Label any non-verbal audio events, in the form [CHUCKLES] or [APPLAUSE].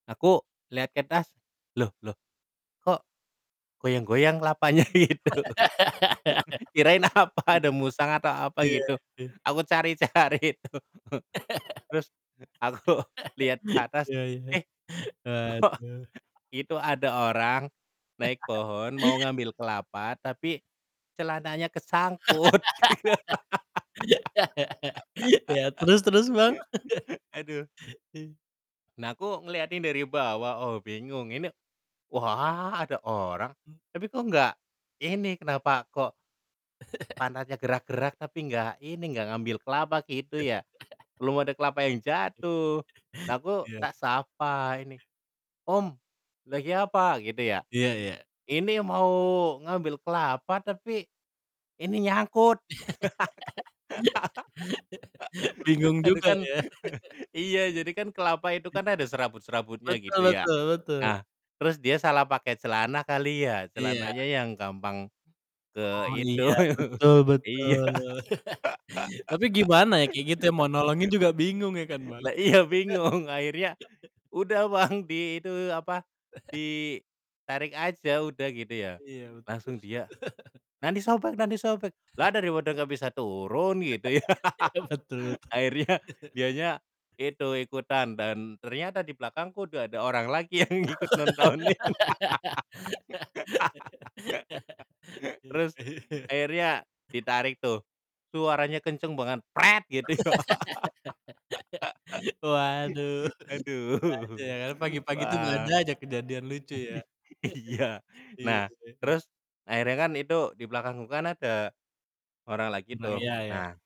Aku liat ke atas, loh loh, kok goyang-goyang kelapanya? Gitu. kirain apa ada musang atau [LAUGHS] apa Iya. gitu, Eh. aku cari-cari itu, [LAUGHS] terus aku liat ke [LAUGHS] atas, Iya iya. eh kok Waduh. itu ada orang naik [LAUGHS] pohon, mau ngambil kelapa, tapi celananya kesangkut. [LAUGHS] Iya, terus terus, Bang? [LAUGHS] [LAUGHS] Aduh. Eee. Nah, aku ngeliatin dari bawah, oh, bingung, ini, wah, ada orang, Mmm. tapi kok nggak ini, kenapa kok [CHUCKLES] pantatnya gerak-gerak tapi nggak ini, nggak ngambil kelapa gitu ya, [CHUCKLES] belum ada kelapa yang [LAUGHS] jatuh, aku Iya. tak sapa ini, "Om, lagi apa?" Gitu ya. Iya iya. "Ini mau ngambil kelapa, tapi ini nyangkut." [LAUGHS] [LAUGHS] Ke Bingung [LAUGHS] aduh, juga, kan ya. [CHUCKLES] [LAUGHS] iya, jadi kan kelapa itu Ih. kan ada serabut-serabutnya, Betul gitu ya. betul betul. Nah, terus dia salah pakai celana kali ya, Iya. celananya yang gampang ke Oh, itu iya, betul iya. betul. [CHUCKLES] Tapi gimana ya, kayak gitu ya, mau nolongin juga bingung, ya kan, [LAUGHS] Bang? Lah iya, bingung, akhirnya, [LAUGHS] "Udah, Bang, di itu, apa, [CHUCKLES] ditarik aja udah," gitu ya, Iya, betul. langsung dia, [LAUGHS] "Nanti sobek nanti sobek." Lah, [CHUCKLES] daripada gak bisa turun, gitu, ya. [LAUGHS] Betul betul. Akhirnya [CHUCKLES] dianya itu, ikutan dan ternyata di belakangku udah ada orang lagi yang ikut nontonin. [LAUGHS] Terus [LAUGHS] akhirnya ditarik tuh, suaranya kenceng banget, Gitu, ya. [LAUGHS] Waduh, [LAUGHS] ada aja Aduh. ya, pagi-pagi itu ada Wah. [LAUGHS] aja kejadian lucu, ya. Iya, [LAUGHS] Iya, nah, heeh. terus akhirnya kan itu di belakangku kan ada orang lagi Nah, tuh, iya, ya. nah